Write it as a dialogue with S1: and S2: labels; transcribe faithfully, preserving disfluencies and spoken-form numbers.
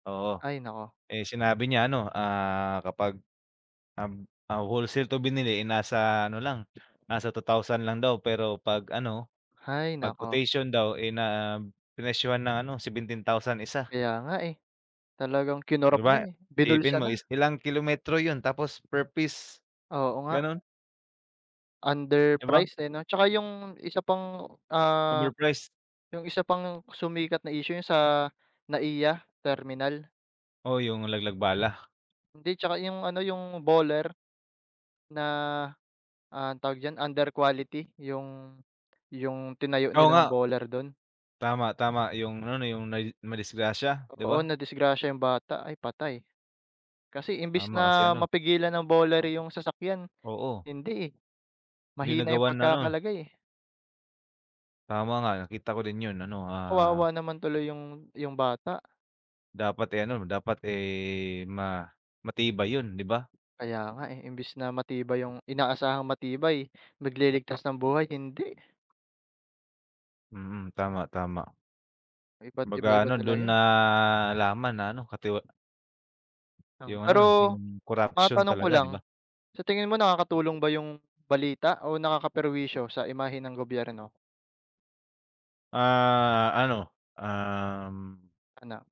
S1: Oo,
S2: Ay naku.
S1: eh, sinabi niya ano, ah, kapag, um, ah, wholesale to binili, eh, nasa ano lang, nasa two thousand lang daw pero 'pag ano,
S2: Hay
S1: pag
S2: naku.
S1: quotation daw, eh, na, prinesyuhan ng ano seventeen thousand isa.
S2: Kaya nga, eh. Talagang
S1: Di
S2: kinorap na,
S1: ba?
S2: eh,
S1: Isipin
S2: binulsa
S1: mo
S2: na.
S1: is ilang kilometro yun tapos per piece,
S2: Oo nga.
S1: ganon? Di ba?
S2: Underpriced, eh, no? Tsaka yung isa pang, ah,
S1: Overprice.
S2: yung isa pang sumikat na issue yung sa NA-IA Terminal.
S1: Oo yung laglag bala.
S2: Hindi tsaka yung ano, yung bowler, na, ah, tawag diyan under quality yung yung tinayo
S1: Oo
S2: nilang
S1: nga.
S2: bowler dun.
S1: Tama-tama yung ano na yung ma madisgrasya di
S2: Oo
S1: ba?
S2: nadisgrasya yung bata ay patay. Kasi imbis
S1: Tama kasi
S2: na
S1: ano
S2: mapigilan ng bowler yung sasakyan
S1: Oo.
S2: hindi, eh.
S1: Hindi
S2: Mahina yung
S1: nagawan ano
S2: pagkakalagay, eh.
S1: Tama nga nakita ko din yun ano, ah
S2: Kawawa naman tuloy yung yung bata.
S1: Dapat, eh, ano, dapat, eh, ma matibay yun di ba?
S2: Kaya nga, eh, imbes na matibay yung inaasahang matibay nag-liligtas ng buhay hindi.
S1: Mm, tama, tama.
S2: Iba't
S1: Kumbaga
S2: iba-iba
S1: ano dun
S2: talaga, eh.
S1: nalaman na ano katiwa
S2: Ng
S1: Yung ano,
S2: pero,
S1: yung corruption
S2: matanong ko
S1: talaga
S2: lang,
S1: di ba?
S2: sa tingin mo nakakatulong ba yung balita o nakaka-perwisyo sa imahe ng gobyerno?
S1: Ah, ano, um
S2: Ano?